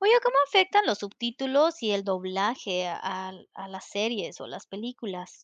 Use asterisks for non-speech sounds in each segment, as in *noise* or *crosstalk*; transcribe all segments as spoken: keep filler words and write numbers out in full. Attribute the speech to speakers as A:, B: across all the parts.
A: Oye, ¿cómo afectan los subtítulos y el doblaje al a las series o las películas?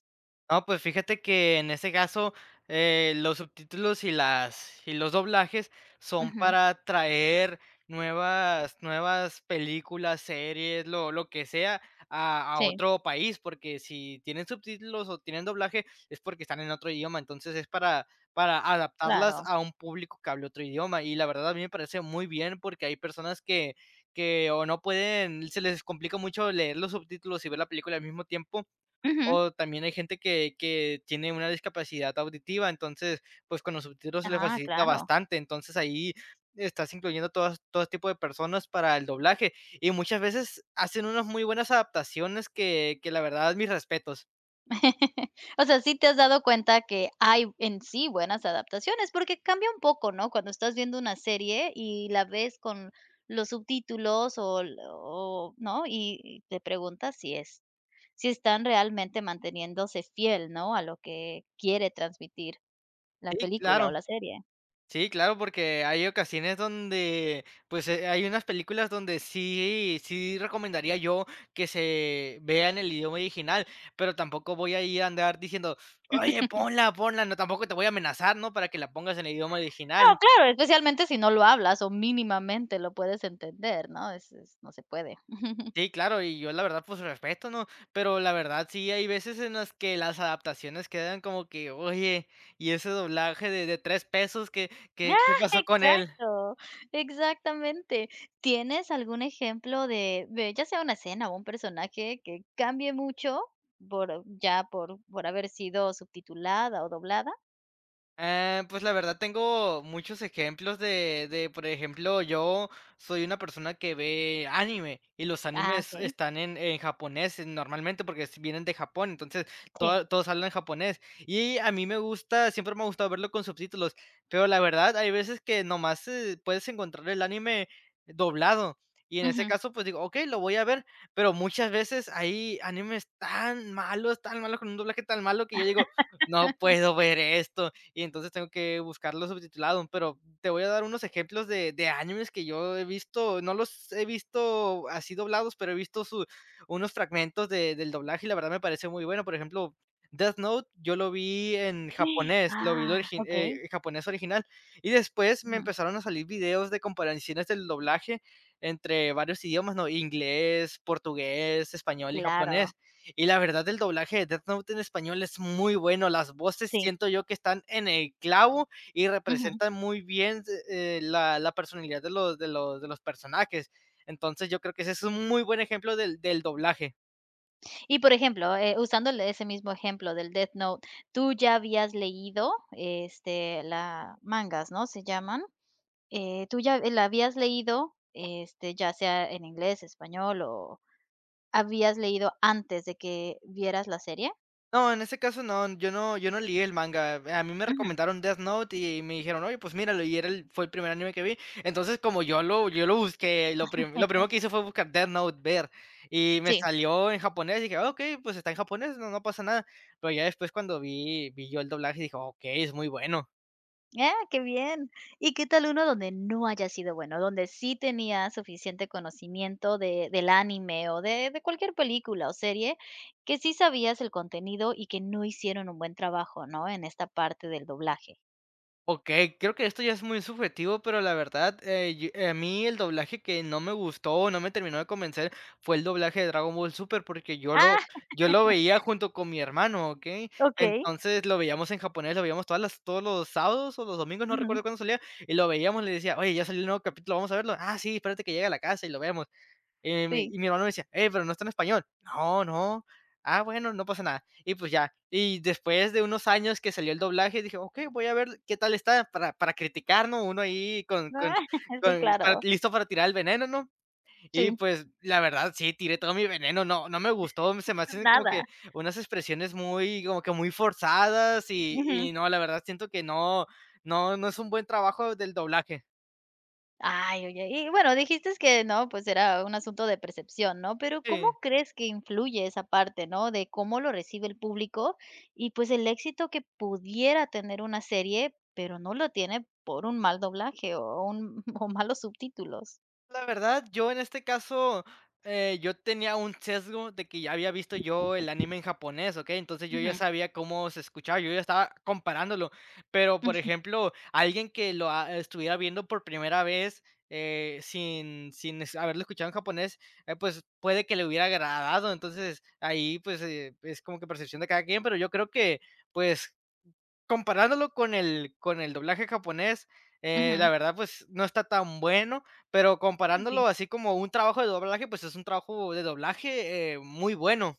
B: Ah, pues, fíjate que en ese caso, eh, los subtítulos y las y los doblajes, son
A: Ujú.
B: para traer nuevas nuevas películas, series, lo lo que sea, a a
A: Sí.
B: otro país, porque si tienen subtítulos o tienen doblaje es, porque están en otro idioma. Entonces, es para para adaptarlas
A: Claro.
B: a un público que hable otro idioma. Y la verdad, a mí me parece muy bien, porque hay personas que que, o no pueden, se les complica mucho leer los subtítulos y ver la película al mismo tiempo,
A: Ujú.
B: o también hay gente que que tiene una discapacidad auditiva. Entonces, pues, con los subtítulos se le
A: Ah,
B: facilita
A: claro.
B: bastante. Entonces, ahí estás incluyendo todas todo tipo de personas para el doblaje y muchas veces hacen unas muy buenas adaptaciones que que la verdad, mis respetos.
A: *chuckles* O sea, sí te has dado cuenta que hay en sí buenas adaptaciones. Porque cambia un poco, ¿no?, cuando estás viendo una serie y la ves con los subtítulos, o l o, ¿no? Y y te preguntas si es si están realmente manteniéndose fiel, ¿no?, a lo que quiere transmitir la
B: Sí,
A: película
B: claro.
A: o la serie.
B: Sí, claro, porque hay ocasiones donde pues, eh, hay unas películas donde sí sí, recomendaría yo que se vea en el idioma original, pero tampoco voy a ir a andar diciendo: "Oye,
A: *laughs*
B: ponla, ponla", ¿no? Tampoco te voy a amenazar, ¿no?, para que la pongas en el idioma original.
A: No, claro, especialmente si no lo hablas o mínimamente lo puedes entender, ¿no? Eso, es No se puede. *chuckles*
B: Sí, claro, y yo la verdad, pues respeto, ¿no? Pero la verdad, sí, hay veces en las que las adaptaciones quedan como que: “Oye, ¿y ese doblaje de de tres pesos, qué qué
A: Ah,
B: qué pasó con él?”.
A: exacto. Exactamente. ¿Tienes algún ejemplo de de ya sea una escena, o un personaje que cambie mucho, por ya por por haber sido subtitulada o doblada?
B: Eh, pues, la verdad, tengo muchos ejemplos de de, por ejemplo, yo soy una persona que ve anime y los
A: Ah,
B: animes
A: okey.
B: están en en japonés normalmente, porque vienen de Japón. Entonces
A: Sí.
B: todos todos hablan japonés y a mí me gusta, siempre me ha gustado verlo con subtítulos, pero la verdad, hay veces que nomás, eh, puedes encontrar el anime doblado y en ese
A: Ujú.
B: caso, pues digo: "Okey, lo voy a ver", pero muchas veces hay animes tan malos, tan malos, con un doblaje tan malo que yo digo: "No
A: *laughs*
B: puedo ver esto", y entonces tengo que buscarlo subtitulado, pero te voy a dar unos ejemplos de de animes que yo he visto. No los he visto así doblados, pero he visto su unos fragmentos de del doblaje y la verdad me parece muy bueno. Por ejemplo, Death Note, yo lo vi en
A: *gasps*
B: japonés, lo vi, el
A: Ah,
B: origi
A: okey.
B: eh, japonés original, y después me
A: Ujú.
B: empezaron a salir videos de comparaciones del doblaje entre varios idiomas, ¿no?, inglés, portugués, español y
A: Claro.
B: japonés. Y la verdad, el doblaje de Death Note, en español es muy bueno. Las voces
A: Sí.
B: siento yo que están en el clavo y
A: Ujú.
B: representan muy bien, d eh, la la personalidad de los de los de los personajes. Entonces yo creo que ese es un muy buen ejemplo del del doblaje.
A: Y, por ejemplo, eh, usando el ese mismo ejemplo del Death Note, ¿tú ya habías leído, este, la mangas?, ¿no?, ¿se llaman?, eh, ¿tú ya la habías leído, este, ya sea en inglés, español o habías leído antes de que vieras la serie?
B: No, en ese caso no, yo no yo no lié el Manga. A mí me
A: Ujú.
B: recomendaron Death Note y me dijeron: "Oye, pues míralo", y era el fue el primer anime que vi. Entonces, como yo lo yo lo busqué lo pri lo
A: *chuckles*
B: primero que hizo fue buscar Death Note ver, y me
A: Sí.
B: salió en japonés y dije: "Ah, okey, pues, está en japonés, no no pasa nada". Pero ya después cuando vi vi yo el doblaje, dije: "Okey, es muy bueno".
A: Ah, qué bien, ¿y qué tal uno donde no haya sido bueno?, donde sí tenías suficiente conocimiento de del anime o de de cualquier película o serie, que sí sabías el contenido y que no hicieron un buen trabajo, ¿no?, en esta parte del doblaje.
B: Okey, creo que esto ya es muy subjetivo, pero la verdad, eh, y, eh, a mí el doblaje que no me gustó, no me terminó de convencer, fue el doblaje de Dragon Ball Super, porque yo lo
A: Ah.
B: yo lo veía
A: *laughs*
B: junto con mi hermano, ¿okey?
A: Okey.
B: Entonces, lo veíamos en japonés, lo veíamos todas las todos los sábados o los domingos, no recuerdo
A: Ujú.
B: cuándo salía, y lo veíamos y le decía: "Oye, ya salió el nuevo capítulo, vamos a verlo", "Ah, sí, espérate que llegue a la casa y lo vemos". Eh, y mi
A: Sí.
B: y mi hermano me decía: "Eh, pero, ¿no está en español?", "No, no", "Ah bueno, no pasa nada", y pues ya. Y, después de unos años que salió el doblaje, dije: "Okey, voy a ver qué tal está para para criticar, ¿no?, uno ahí con con
A: *chuckles* Sí,
B: con con
A: claro.
B: listo para tirar el veneno", ¿no?, y
A: Sí.
B: pues, la verdad sí, tiré todo mi veneno, no no me gustó, se me
A: *chuckles*
B: hacen como
A: Nada.
B: que unas expresiones muy, como que muy forzadas y
A: Ujú.
B: y no, la verdad siento que no, no no es un buen trabajo del doblaje.
A: Ay, oye, y bueno, dijiste que no, pues, era un asunto de percepción, ¿no? Pero ¿cómo
B: Sí.
A: crees que influye esa parte?, ¿no? De cómo lo recibe el público, y pues, el éxito que pudiera tener una serie, pero no lo tiene por un mal doblaje o un o malos subtítulos.
B: La verdad, yo en este caso, eh, yo tenía un sesgo, de que ya había visto yo el anime en japonés, ¿okey? Entonces, yo ya
A: Ujú.
B: sabía cómo se escuchaba, yo ya estaba comparándolo. Pero, por
A: Ujú.
B: ejemplo, alguien que lo, ah, estuviera viendo por primera vez, eh, sin sin, este, haberlo escuchado en japonés, ah, pues, puede que le hubiera agradado. Entonces, ahí, pues, eh, es como que percepción de cada quien, pero yo creo que, pues, comparándolo con el con el doblaje japonés, eh, la
A: Ujú.
B: verdad, pues no está tan bueno. Pero
A: Ay, sí.
B: comparándolo así como un trabajo de doblaje, pues es un trabajo de doblaje, eh, muy bueno.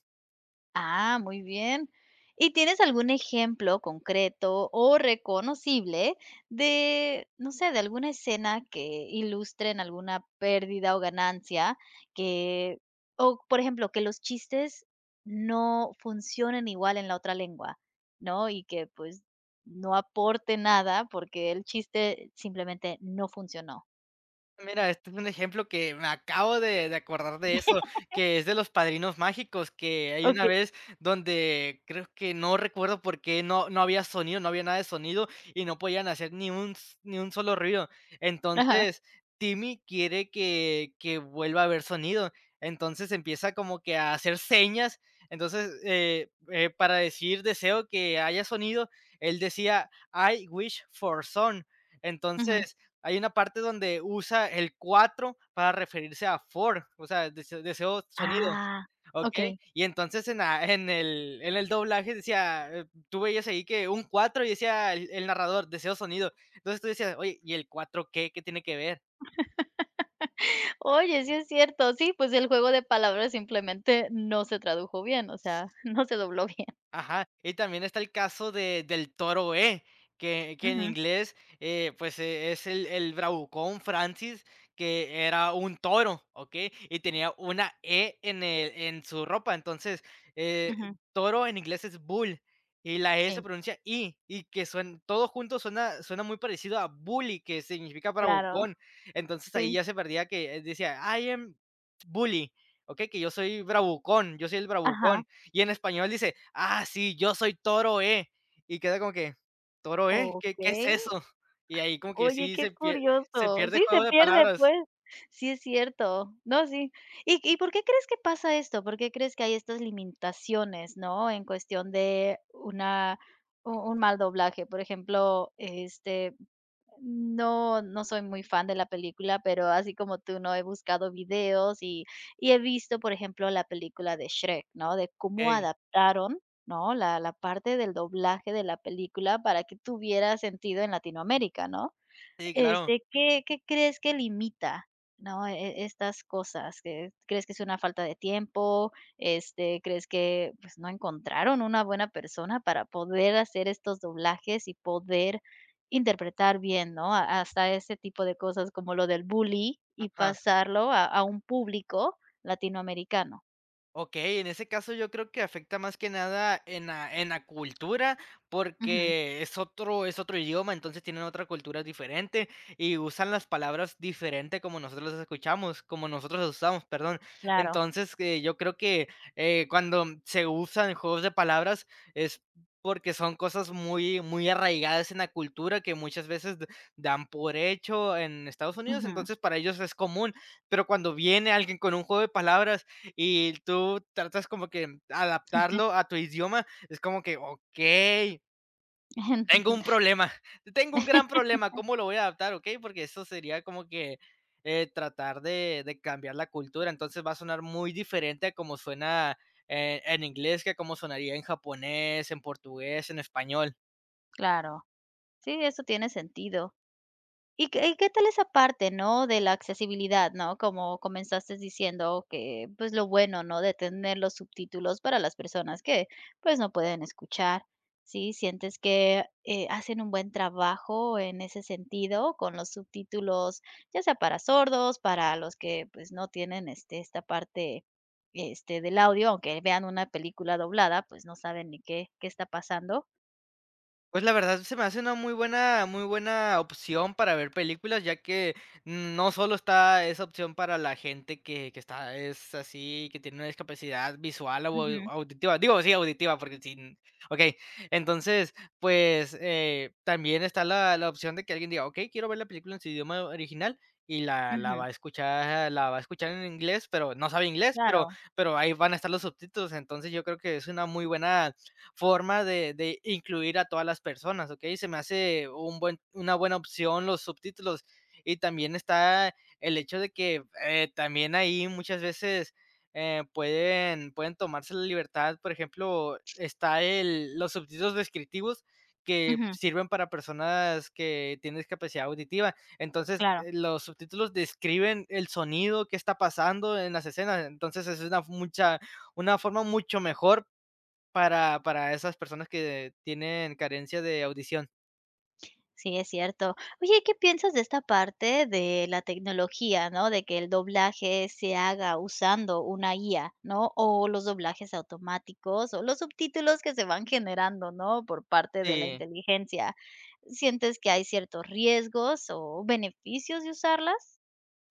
A: Ah, muy bien. ¿Y tienes algún ejemplo concreto o reconocible de, no sé, de alguna escena que ilustren alguna pérdida o ganancia que o, por ejemplo, que los chistes no funcionen igual en la otra lengua, ¿no? Y que, pues, no aporte nada, porque el chiste, simplemente no funcionó.
B: Mira, este es un ejemplo, que me acabo de de acordar de eso,
A: *laughs*
B: que es de Los Padrinos Mágicos, que hay una
A: Okey.
B: vez donde creo que no recuerdo por qué no no había sonido, no había nada de sonido y no podían hacer ni un s ni un solo ruido.
A: Ajá.
B: Entonces, Timmy quiere que que vuelva a ver sonido. Entonces empieza como que a hacer señas, entonces, eh, eh, para decir: "Deseo que haya sonido", él decía: "I wish for son".
A: Ujú.
B: Entonces, hay una parte donde usa el cuatro para referirse a four, o sea, des deseo sonido,
A: Ah,
B: okey.
A: okey.
B: Y entonces en la en el en el doblaje decía, tú veías ahí que un cuatro y decía el el narrador: "Deseo sonido". Entonces tú decías: "Oye, ¿y el cuatro qué? ¿Qué tiene que ver?"
A: *laughs* Oye, sí, es cierto. Sí, pues el juego de palabras simplemente no se tradujo bien. O sea, no se dobló no se dobló bien.
B: Ajá. Y también está el caso de del toro E, que que en
A: Ujú.
B: inglés, eh, pues, eh, es el el bravucón Francis, que era un toro, ¿okey? Y tenía una E en el en su ropa. Entonces, eh,
A: Ujú.
B: toro en inglés es bull y la E se
A: Sí.
B: pronuncia I y que suen todos juntos, suenan suena muy parecido a bully, que significa
A: Claro.
B: bravucón. Entonces ahí
A: Sí.
B: ya se parecía que decía: "I am bully", okey, que yo soy bravucón, yo soy el
A: Ajá.
B: bravucón, y en español dice: "Ah, sí, yo soy Toro E", y queda como que: "¿Toro E? ¿Qué qué es
A: Okey.
B: eso?". Y ahí como que
A: Oye,
B: sí
A: qué
B: se pier se
A: curioso,
B: pierde el
A: sí se
B: juego de
A: pierde,
B: palabras.
A: pues, sí, es cierto. No, sí. ¿Y y por qué crees que pasa esto? ¿Por qué crees que hay estas limintaciones? ¿No? En cuestión de una un un mal doblaje, por ejemplo, este, no no soy muy fan de la película, pero así como tú no he buscado videos y y he visto, por ejemplo, la película de Shrek, ¿no? De cómo
B: Okey.
A: adaptaron, ¿no? La la parte del doblaje de la película para que tuviera sentido en Latinoamérica, ¿no?
B: Sí, claro.
A: Este, ¿Qué qué crees que limita, no? Eh, e estas cosas, que ¿crees, que es una falta de tiempo? Este, ¿crees que, pues, no encontraron una buena persona para poder hacer estos doblajes y poder interpretar bien, ¿no?, ha hasta ese tipo de cosas como lo del bully y
B: Ajá.
A: pasarlo a a un público latinoamericano?
B: Okey, en ese caso yo creo que afecta más que nada en la en la cultura,
A: Ujú.
B: porque es otro es otro idioma, entonces tienen otra cultura diferente y usan las palabras diferentes como nosotros las escuchamos, como nosotros las usamos, perdón.
A: Claro.
B: Entonces, eh, yo creo que, eh, cuando se usan juegos de palabras es porque son cosas muy muy arraigadas en la cultura que muchas veces d dan por hecho en Estados Unidos.
A: Ujú.
B: Entonces para ellos es común, pero cuando viene alguien con un juego de palabras y tú tratas como que adaptarlo a tu idioma es como que okey. Tengo un
A: *chuckles*
B: problema,
A: *unintelligible*
B: tengo un gran problema,
A: *laughs*
B: cómo lo voy a adaptar, okey, porque eso sería como que, eh, tratar de de cambiar la cultura, entonces va a sonar muy diferente a como suena, eh, en inglés que como sonaría en japonés, en portugués o en español.
A: Claro. Sí, eso tiene sentido. Y que y que tal esa parte, ¿no? De la accesibilidad, ¿no? Como comenzaste diciendo que, pues lo bueno, ¿no? De tener los subtítulos para las personas que pues no pueden escuchar, ¿sí, sientes que, eh, hacen un buen trabajo en ese sentido con los subtítulos ya sea para sordos? Para los que pues, no tienen este esta parte este del audio aunque vean una película doblada, pues, no saben ni qué, qué está pasando.
B: Pues la verdad, se me hace una muy buena muy buena opción para ver películas, ya que no solo está esa opción para la gente que que está es así, que tiene una discapacidad visual o
A: Ujú.
B: au auditiva, digo, sí, auditiva, porque sin okey. Entonces, pues, eh, también está la la opción de que alguien diga: "Okey, quiero ver la película en su idioma original", y la la va
A: Ujú.
B: a escuchar la va a escuchar en inglés, pero no sabe inglés, pero
A: Claro.
B: pero ahí van a estar los subtítulos. Entonces, yo creo que es una muy buena forma de de incluir a todas las personas, okey, se me hace un buen una buena opción los subtítulos y también está el hecho de que, eh, también ahí muchas veces, eh, pueden pueden tomarse la libertad, por ejemplo, está el los subtítulos descriptivos que
A: Ujú.
B: sirven para personas que tienen discapacidad auditiva. Entonces,
A: Claro.
B: los subtítulos describen el sonido que está pasando en las escenas. Entonces, esa es una mucha una forma mucho mejor para para esas personas que tienen carencia de audición.
A: Sí, es cierto. Oye, ¿qué piensas de esta parte de la tecnología, ¿no? De que el doblaje se haga usando una IA, ¿no? O los doblajes automáticos o los subtítulos que se van generando, ¿no?, por parte de la
B: Sí.
A: inteligencia, ¿sientes que hay ciertos riesgos o beneficios de usarlas?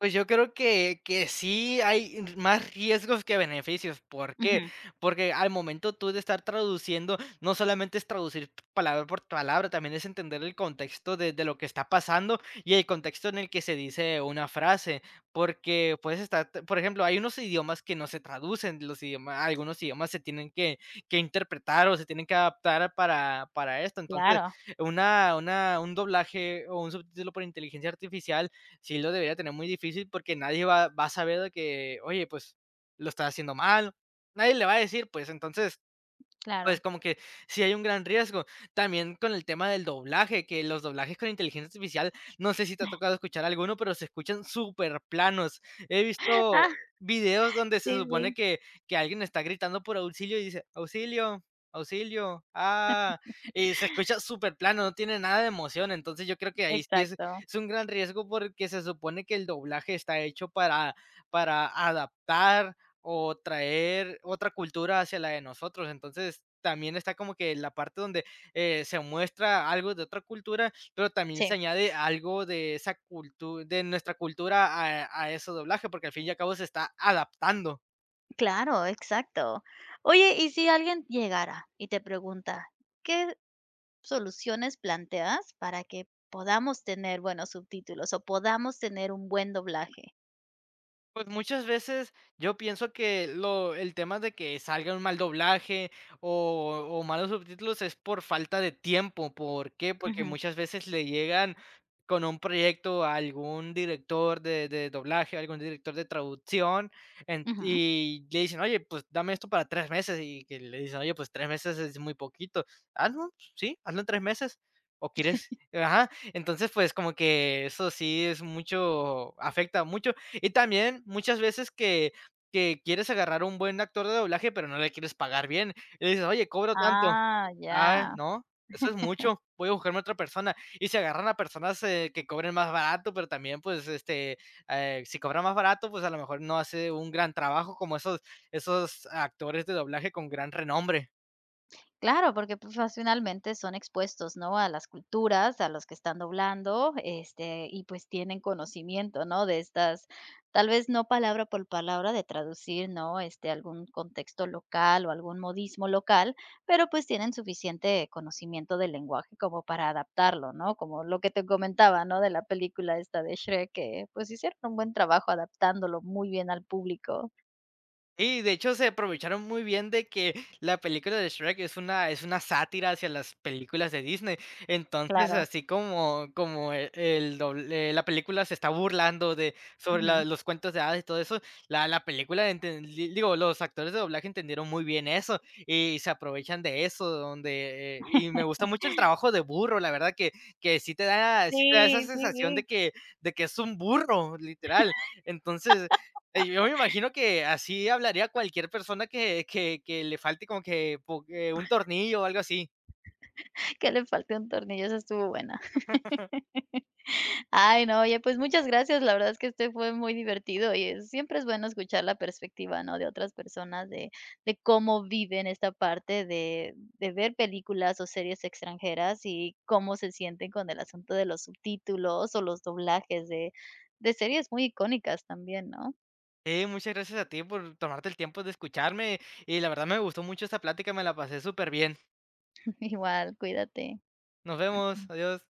B: Pues yo creo que que sí hay más riesgos que beneficios, ¿por qué?
A: Ujú.
B: Porque al momento tú de estar traduciendo, no solamente es traducir palabra por palabra, también es entender el contexto de de lo que está pasando y el contexto en el que se dice una frase, porque puedes estar por ejemplo, hay unos idiomas que no se traducen los idiomas algunos idiomas se tienen que que interpretar o se tienen que adaptar para para esto. Entonces,
A: Claro.
B: una una un doblaje o un subtítulo por inteligencia artificial sí lo debería tener muy difícil, porque nadie va va a saber de que: "Oye, pues lo estás haciendo mal". Nadie le va a decir, pues entonces, pues
A: Claro.
B: como que sí hay un gran riesgo. También con el tema del doblaje, que los doblajes con inteligencia artificial, no sé si te ha
A: *chuckles*
B: tocado escuchar alguno, pero se escuchan superplanos. He visto
A: Ah,
B: videos donde se
A: sí,
B: supone
A: sí.
B: que que alguien está gritando por auxilio y dice: "Auxilio, auxilio, ah",
A: *chuckles*
B: y se escucha superplano, no tiene nada de emoción, entonces yo creo que ahí sí es
A: Exacto.
B: es un gran riesgo, porque se supone que el doblaje está hecho para para adaptar o traer otra cultura hacia la de nosotros. Entonces, también está como que la parte donde eh, se muestra algo de otra cultura, pero también se
A: Sí.
B: añade algo de esa cultu de nuestra cultura a a ese doblaje, porque al fin y al cabo se está adaptando.
A: Claro, exacto. Oye, y si alguien llegara y te pregunta, ¿qué soluciones planteas para que podamos tener buenos subtítulos o podamos tener un buen doblaje?
B: Pues, muchas veces yo pienso que lo el tema de que salga un mal doblaje, o o malos subtítulos es por falta de tiempo, ¿por qué?, porque
A: Ujú.
B: muchas veces le llegan con un proyecto a algún director de de doblaje, algún director de traducción, en
A: Ujú.
B: y, le dicen: "Oye, pues, dame esto para tres meses", y que le dicen: "Oye, pues tres meses es muy poquito". "Hazlo, sí, hazlo en tres meses, o quieres"
A: *chuckles*
B: ajá. Entonces, pues, como que eso sí es mucho, afecta mucho. Y también muchas veces que que quieres agarrar un buen actor de doblaje, pero no le quieres pagar bien, y dices: "Oye, cobro tanto",
A: ¡Ah,
B: "Ay,
A: ya!
B: no, eso es
A: *chuckles*
B: mucho, voy a buscarme a otra persona". Y se agarran a personas, eh, que cobren más barato, pero también, pues este, eh, si cobran más barato, pues, a lo mejor no hace un gran trabajo, como esos esos actores de doblaje con gran renombre.
A: Claro, porque profesionalmente son expuestos, ¿no?, a las culturas, a los que están doblando, este, y pues, tienen conocimiento, ¿no?, de estas, tal vez no palabra pol palabra de traducir, ¿no?, este algún contexto local, o algún modismo local, pero, pues, tienen suficiente conocimiento del lenguaje como para adaptarlo, ¿no?, como lo que te comentaba, ¿no?, de la película esta de Shrek que, pues, hicieron un buen trabajo, adaptándolo muy bien al público.
B: Sí, de hecho, se aprovecharon muy bien de que, la película de Shrek, es una es una sátira hacia las películas de Disney. Entonces,
A: Claro.
B: así como como el dobl eh, la película se está burlando de sobre
A: Ujú.
B: la los cuentos de hadas y todo eso. La la película enten l digo, los actores de doblaje entendieron muy bien eso, y se aprovechan de eso, donde, eh Y me gusta
A: *laughs*
B: mucho el trabajo de burro, la verdad que que sí te da sí te da esa
A: Sí,
B: sensación de
A: sí.
B: que de que es un burro, literal. Entonces, eh, yo
A: *laughs*
B: me imagino que así hablaría cualquier persona que que que le falte como que, bu que un
A: *chuckles*
B: tornillo, o algo así.
A: *laughs* Que le falte un tornillo, esa estuvo buena.
B: *chuckles*
A: *laughs* Ay, no, oye, pues, muchas gracias. La verdad es que, este fue muy divertido, y siempre es bueno escuchar la perspectiva, ¿no?, de otras personas de de cómo viven esta parte de de ver películas, o series extranjeras. Y cómo se sienten con el asunto de los subtítulos, o los doblajes de de series muy icónicas también, ¿no?
B: Sí, muchas gracias a ti por tomarte el tiempo de escucharme y la verdad me gustó mucho esta plática, me la pasé súper bien.
A: *chuckles* Igual. Cuídate.
B: Nos vemos.
A: *clears throat*
B: Adiós.